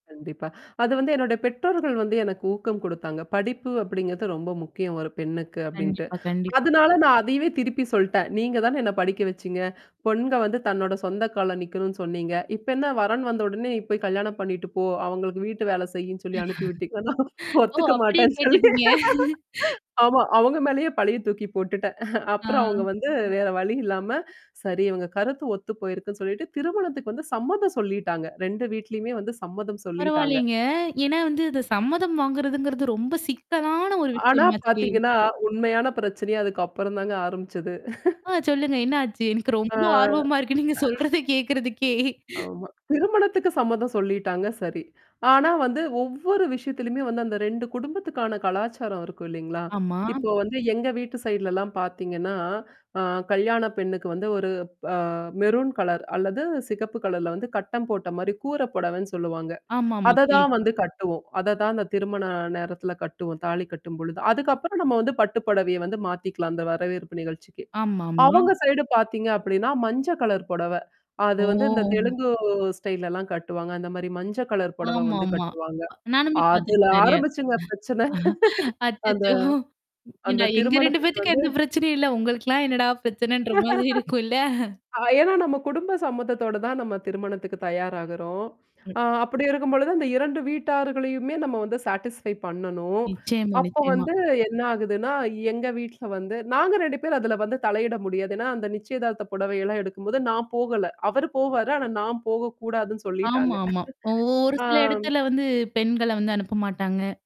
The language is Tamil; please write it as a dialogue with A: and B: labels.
A: கண்டிப்பா. அது வந்து என்னோட பெற்றோர்கள் வந்து எனக்கு ஊக்கம் குடுத்தாங்க. படிப்பு அப்டிங்கிறது ரொம்ப முக்கியம் ஒரு பெண்ணுக்கு அப்டின்ட்டு.
B: கண்டிப்பா, கண்டிப்பா.
A: அதனால நான் அதையவே திருப்பி சொல்ட்டேன். நீங்க தான என்ன படிக்க வச்சீங்க. பொண்க வந்து தன்னோட சொந்த கால்ல நிக்கணும்னு சொன்னீங்க. இப்ப என்ன வரன்னு வந்த உடனே, நீ போய் கல்யாணம் பண்ணிட்டு போ, அவங்களுக்கு வீட்டு வேல செய்யுன்னு சொல்லி அனுப்பி விட்டீக்கன்னா
B: ஓ!
A: ஒத்துக்க
B: அப்டியே
A: மாட்டேன்னு சொல்லி
B: கேட்டுட்டீங்க?
A: ஆமா. அவங்க மேலேயே பழிய தூக்கி போட்டுட்டேன். அப்புறம் அவங்க
B: ஆ.
A: வந்து வேற வழி இல்லாம, சரி இவங்க கருத்து ஒத்து போயிருக்குன்னு சொல்லிட்டு திருமணத்துக்கு வந்து சம்மதம் சொல்லிட்டாங்க. 2 வீட்லயுமே வந்து சம்மதம் சொல்லிட்டாங்க.
B: பரவாயில்லங்க. ஏன்னா வந்து அ சம்மதம் வாங்குறதுங்கிறது ரொம்ப சிக்கலான ஒரு
A: ஆனா
B: விஷயமாச்சே!
A: பார்த்தீங்கன்னா, உண்மையான பிரச்சனையே அதுக்கு அப்புறம் தாங்க ஆரம்பிச்சது.
B: ஆ சொல்லுங்க. என்ன ஆச்சு? எனக்கு
A: ஆ.
B: ரொம்ப ஆர்வமா இருக்கு நீங்க சொல்றத
A: அ
B: கே்கறதுக்கே.
A: ஆமா. திருமணத்துக்கு சம்மதம் சொல்லிட்டாங்க சரி. ஆனா வந்து ஒவ்வொரு விஷயத்திலயுமே வந்து அந்த 2 குடும்பத்துக்கான கலாச்சாரம் இருக்கும் இல்லைங்களா?
B: ஆமா.
A: இப்போ வந்து எங்க வீட்டு சைட்லலாம் பார்த்தீங்கன்னா, அ கல்யாண பெண்ணுக்கு வந்து ஒரு அ மெரூன் கலர் அல்லது சிகப்பு கலர்ல வந்து கட்டம் போட்ட மாரி கூற புடவன்னு சொல்லுவாங்க.
B: ஆமாமா.
A: அததான்
B: கேள்விப்பட்
A: வந்து கட்டுவோம். அத தான் அந்த திருமண நேரத்தில கட்டுவோம். தாலி கட்டும்பொழுது. அதுக்கப்புறம் நம்ம வந்து பட்டுப்படவைய வந்து மாத்திக்கலாம், அந்த வரவேற்பு நிகழ்ச்சிக்கு.
B: ஆமாமா.
A: அவங்க சைடு பார்த்தீங்க அப்டின்னா, மஞ்ச கலர் புடவ. அது வந்து இந்த
B: ஓ!
A: தெலுங்கு ஸ்டைல்லாம் கட்டுவாங்க. அந்த மாரி மஞ்ச கலர் புடவ வந்து
B: ஆமாமா.
A: கட்டுவாங்க.
B: ப நானுமே
A: அதுல
B: பார்த்துருக்கேன் நெறையா.
A: ஆரம்பிச்சுங்க பிரச்சனை. அந்த,
B: அச்சச்சோ! ஏன்டா
A: அந்த
B: எங்க 2
A: திருமணத்துக்கு
B: பேத்துக்கும்
A: வந்து
B: எந்த பிரச்சனையும் இல்ல. உங்களுக்கலாம் என்னடா பிரச்சனைன்ற மாதிரி இருக்கும் இல்ல?
A: அ ஏன்னா நம்ம குடும்ப சம்மத்தத்தோட தான் நம்ம திருமணத்துக்கு தயாராகுறோம்.
B: ம்.
A: அ அப்டி இருக்கும்பொழுது அந்த 2 வீட்டார்களயுமே நம்ம வந்து சாட்டிஸ்ஃபை பண்ணணும்.
B: நிச்சியமா,
A: அப்போ
B: நிச்சியமா.
A: வந்து என்ன ஆகுதுன்னா, எங்க வீட்ல வந்து நாங்க 2 பேரும் அதுல வந்து தலையிட முடியாது. ஏன்னா, அந்த நிச்சியதார்த்த புடவைையெல்லாம் எடுக்கும்போது நான் போகல. அவரு போவாரு. ஆனா நான் போகக்கூடாதுன்னு
B: ஆமா,
A: சொல்லிட்டாங்க.
B: ஆமா. ஒ ஒரு சில
A: ஆம்.
B: இடத்துல வந்து பெண்கள வந்து அனுப்ப மாட்டாங்க.